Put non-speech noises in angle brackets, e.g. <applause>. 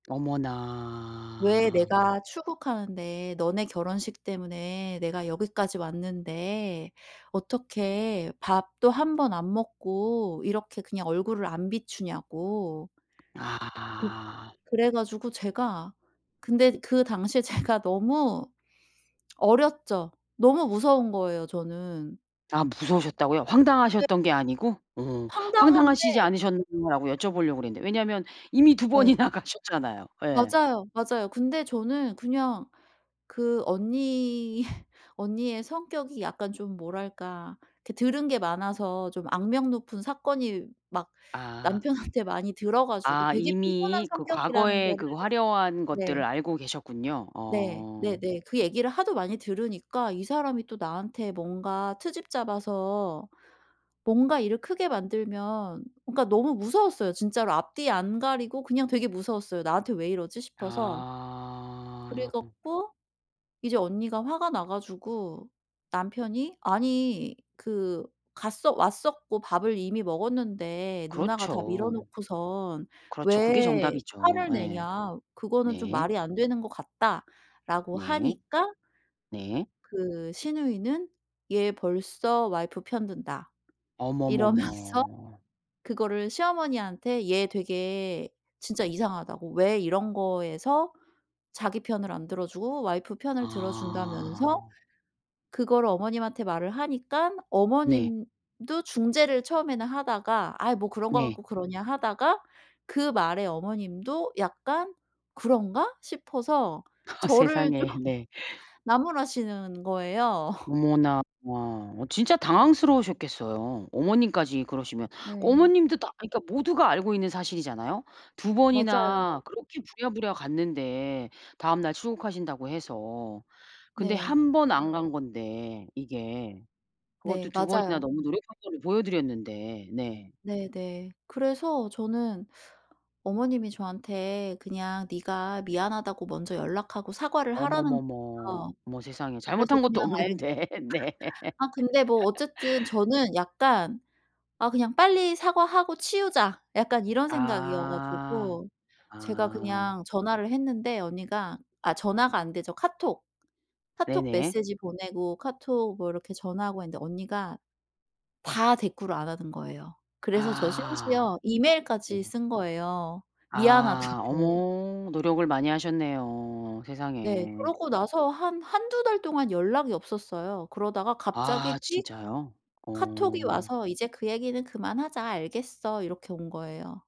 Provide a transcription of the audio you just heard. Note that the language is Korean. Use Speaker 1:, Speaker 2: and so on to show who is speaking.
Speaker 1: 왜
Speaker 2: 어머나.
Speaker 1: 내가 출국하는데 너네 결혼식 때문에 내가 여기까지 왔는데 어떻게 밥도 1 번 안 먹고 이렇게 그냥 얼굴을 안 비추냐고. 그
Speaker 2: 아.
Speaker 1: 그래 가지고 제가 근데 그 당시에 제가 너무 어렸죠. 너무 무서운 거예요 저는.
Speaker 2: 아 무서우셨다고요?
Speaker 1: 네.
Speaker 2: 황당하셨던 게 아니고? 어.
Speaker 1: 황당한데
Speaker 2: "황당하시지 않으셨나요."라고 여쭤보려고 그랬는데. 왜냐면 이미 2
Speaker 1: 네.
Speaker 2: 번이나 가셨잖아요. 예.
Speaker 1: 맞아요, 맞아요. 근데 저는 그냥 그 언니 <laughs> 언니의 성격이 약간 좀 뭐랄까 이렇게 들은 게 많아서 좀 악명 높은 사건이 막
Speaker 2: 아.
Speaker 1: 남편한테 많이 들어가지고
Speaker 2: 아
Speaker 1: 되게 피곤한
Speaker 2: 이미 그
Speaker 1: 성격이라는
Speaker 2: 과거에
Speaker 1: 거를
Speaker 2: 그 화려한 것들을
Speaker 1: 네.
Speaker 2: 알고 계셨군요.
Speaker 1: 네.
Speaker 2: 어.
Speaker 1: 네네. 그 얘기를 하도 많이 들으니까 이 사람이 또 나한테 뭔가 트집 잡아서 뭔가 일을 크게 만들면 뭔가 너무 무서웠어요. 진짜로 앞뒤 안 가리고 그냥 되게 무서웠어요. 나한테 왜 이러지 싶어서. 그래
Speaker 2: 아.
Speaker 1: 갖고 이제 언니가 화가 나 가지고 "남편이 아니 그 갔어 왔었고 밥을 이미 먹었는데 누나가 다 미뤄
Speaker 2: 그렇죠.
Speaker 1: 놓고선
Speaker 2: 그렇죠 그게
Speaker 1: 왜
Speaker 2: 정답이죠.
Speaker 1: 화를
Speaker 2: 예.
Speaker 1: 내냐 그거는 좀
Speaker 2: 네.
Speaker 1: 말이 안 되는 것 같다."라고
Speaker 2: 네.
Speaker 1: 하니까
Speaker 2: 네.
Speaker 1: 그 시누이는 얘 벌써 와이프 편 든다 이러면서
Speaker 2: 어머머머.
Speaker 1: 그거를 시어머니한테 얘 되게 진짜 이상하다고. 왜 이런 거에서 자기 편을 안 들어주고 와이프 편을 들어준다면서
Speaker 2: 아.
Speaker 1: 그거를 어머님한테 말을 하니깐
Speaker 2: 네.
Speaker 1: 어머님도 중재를 처음에는 하다가 아이 뭐 그런 거
Speaker 2: 네.
Speaker 1: 갖고 그러냐 하다가 그 말에 어머님도 약간 '그런가?' 싶어서
Speaker 2: <laughs>
Speaker 1: 저를 좀
Speaker 2: 세상에. 네.
Speaker 1: 나무라시는 거예요.
Speaker 2: 어머나. 어 진짜 당황스러우셨겠어요 어머님까지 그러시면.
Speaker 1: 네.
Speaker 2: 어머님도 다 그니까 모두가 알고 있는 사실이잖아요. 2 번이나
Speaker 1: 맞아요.
Speaker 2: 그렇게 부랴부랴 갔는데 다음날 출국하신다고 해서. 근데
Speaker 1: 네.
Speaker 2: 1 번 안 간 건데 이게. 그것도
Speaker 1: 네.
Speaker 2: 2 번이나
Speaker 1: 맞아요.
Speaker 2: 너무 노력한 거를 보여드렸는데. 네.
Speaker 1: 네네. 그래서 저는 어머님이 저한테 그냥 네가 미안하다고 먼저 연락하고 사과를 하라는
Speaker 2: 어머머머.
Speaker 1: 거예요.
Speaker 2: 어머 세상에
Speaker 1: 그래서
Speaker 2: 잘못한 것도
Speaker 1: 그냥 알
Speaker 2: 없는데. 네.
Speaker 1: 아 근데 뭐 어쨌든
Speaker 2: <laughs>
Speaker 1: 저는 약간 '아 그냥 빨리 사과하고 치우자.' 약간 이런 생각이어
Speaker 2: 아.
Speaker 1: 가지고 제가
Speaker 2: 아.
Speaker 1: 그냥 전화를 했는데 언니가 아 전화가 안 되죠 카톡, 카톡
Speaker 2: 네네.
Speaker 1: 메시지 보내고 카톡 뭐 이렇게 전화하고 했는데 언니가 다 대꾸를 안 하는 거예요. 그래서 저
Speaker 2: 아.
Speaker 1: 심지어 이메일까지
Speaker 2: 네.
Speaker 1: 쓴 거예요
Speaker 2: 아.
Speaker 1: 미안하다고.
Speaker 2: 어머. 노력을 많이 하셨네요.
Speaker 1: 네.
Speaker 2: 세상에.
Speaker 1: 그러고 나서 한 1-2 달 동안 연락이 없었어요. 그러다가
Speaker 2: 아.
Speaker 1: 갑자기 띡
Speaker 2: 진짜요?
Speaker 1: 카톡이
Speaker 2: 어.
Speaker 1: 와서 "이제 그 얘기는 그만하자 알겠어." 이렇게 온 거예요.